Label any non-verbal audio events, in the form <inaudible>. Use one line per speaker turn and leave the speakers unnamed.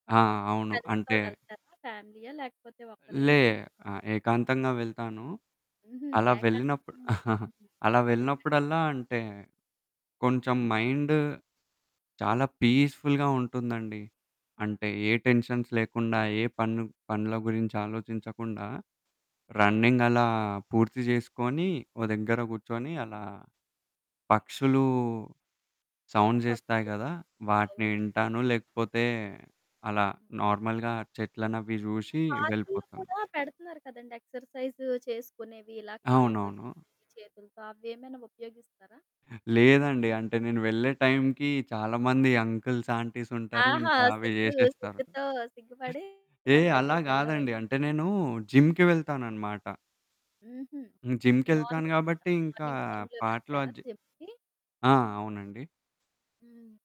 ఆ! అవును.
ఫ్రెండ్స్‌తో
అంటే
వెళ్తారా? ఫ్యామిలీయా? లేకపోతే ఒక్కరే
లే.
వెళ్తారా?
ఆ! ఏకాంతంగా వెళ్తాను.
హుహు.
అలా
ఏకా
వెళ్ళినప్పుడు
హ్మ్.
<chuckles>
హుహు.
అలా
అదే
వెళ్ళినప్పుడల్లా,
బెస్టండి.
అంటే కొంచెం మైండ్ చాలా పీస్ఫుల్‌గా ఉంటుందండి. అంటే ఏ టెన్షన్స్ లేకుండా, ఏ పన్ను పనుల గురించి ఆలోచించకుండా, రన్నింగ్ అలా పూర్తి చేసుకొని, ఒ దగ్గర కూర్చొని, అలా పక్షులు సౌండ్ చేస్తాయి
పక్షులు,
గదా! వాటిని నేను
సౌండ్లు.
ఇంటాను లేకపోతే, అలా
హ్మ్.
నార్మల్‌గా చెట్లనవి చూసి
పార్కు‌‌కులో
వెళ్ళిపోతాను.
కూడా పెడుతున్నారు కదండీ ఎక్సర్‌సైజు చేసుకునేవి ఇలా కాళ్ళతో,
అవునవును.
చేతులతో అవి ఏమైనా ఉపయోగిస్తారా?
లేదండి అంటే నేను వెళ్ళే టైంకి చాలామంది అంకల్స్, ఆంటీస్ ఉంటారు
ఆహా!
ఇంకా అవి
సిగ్గు,
చేసేస్తారు.
సిగ్గుతో సిగ్గు పడి
ఏ
తన
అలా కాదండి.
దగ్గరికెళ్ళరైతే.
అంటే నేను జిమ్‌కి వెళ్తానన్నమాట.
హుహు.
హ్మ్. జిమ్‌కెళ్తాను
మార్నింగ్, టా
కాబట్టి ఇంకా
మార్నింగ్ టైమ్‌లో
పాటలు
వెళ్తారా
అజే
జిమ్‌కి?
ఆ! అవునండి
హ్మ్.